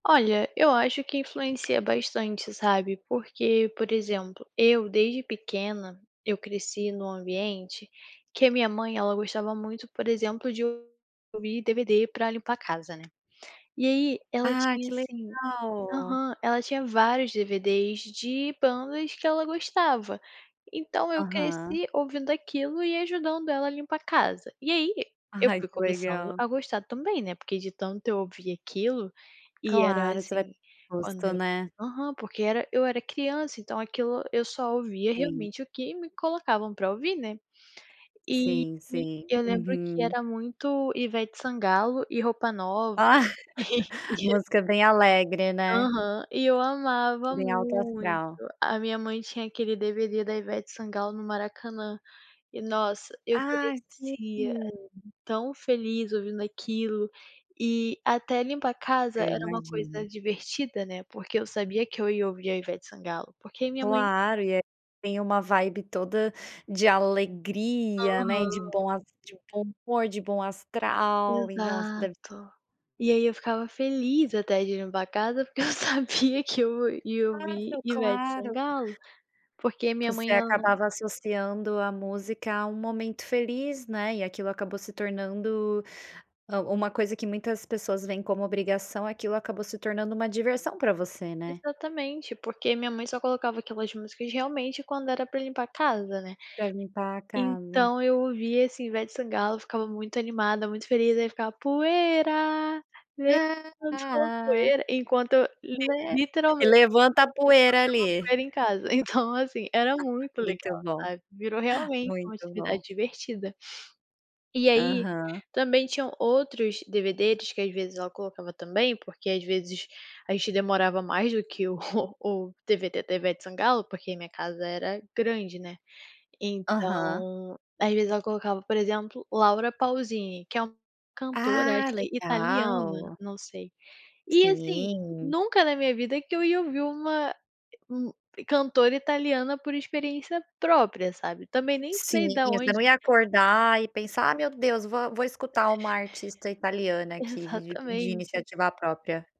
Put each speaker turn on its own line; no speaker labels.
Olha, eu acho que influencia bastante, sabe? Porque, por exemplo, eu desde pequena, eu cresci num ambiente que a minha mãe, ela gostava muito, por exemplo, de ouvir DVD pra limpar a casa, né. E aí, ela
Ah
tinha
que
assim
legal!
aham, ela tinha vários DVDs de bandas que ela gostava. Então eu
Aham.
cresci ouvindo aquilo e ajudando ela a limpar a casa. E aí, e eu
Ai
fui
que
começando
legal!
a gostar também, né, porque de tanto eu ouvir aquilo, e era
Claro, você vai
assim, quando
gosto
eu
né?
aham, porque era eu era criança então aquilo eu só ouvia
Sim.
realmente o que me colocavam pra ouvir, né. E
Sim, sim.
e eu lembro que
Uhum.
era muito Ivete Sangalo e Roupa Nova.
Ah. Música bem alegre, né?
Aham, e eu amava
Bem alto
muito.
astral.
A minha mãe tinha aquele DVD da Ivete Sangalo no Maracanã, e nossa, eu
Ah sim.
crescia tão feliz ouvindo aquilo e até limpar a casa
É, eu
era uma
imagino.
coisa divertida, né, porque eu sabia que eu ia ouvir a Ivete Sangalo. Porque a minha mãe
Claro e é tem uma vibe toda de alegria, né, e de
Aham.
bom as de bom humor, de bom astral e nossa, deve
Exato. E aí eu ficava feliz até de limpar a casa porque eu sabia que eu ia ouvir
Claro,
Ivete
claro.
Sangalo. Porque minha
Você
mãe ela não
acabava associando a música à um momento feliz, né? E aquilo acabou se tornando, hã, uma coisa que muitas pessoas veem como obrigação aquilo acabou se tornando uma diversão pra você, né?
Exatamente. Porque minha mãe só colocava aquelas músicas realmente quando era pra limpar a casa, né,
Pra limpar a casa.
então eu ouvia assim, Ivete Sangalo, eu ficava muito animada, muito feliz, aí eu ficava: "Poeira, levantou poeira" enquanto
Poe
literalmente
levanta a
levantava
poeira ali.
a poeira em casa, então assim era muito
Muito
legal,
bom,
sabe. Virou realmente uma
muito bom.
atividade divertida. E aí
Aham.
também tinham outros DVDs que às vezes ela colocava também, porque às vezes a gente demorava mais do que o o DVD da Ivete Sangalo, porque minha casa era grande, né.
Aham.
Então às vezes ela colocava, por exemplo, Laura Pausini, que é uma cantora acho
Ah,
que italiana,
legal.
não sei. E assim,
Sim.
nunca na minha vida que eu ia ouvir uma é um cantora italiana por experiência própria, sabe? Também nem
Sim,
sei da
você
onde
não ia acordar e pensar, "Ah meu Deus, vou vou escutar uma artista italiana aqui." de de de
Exatamente.
iniciativa própria.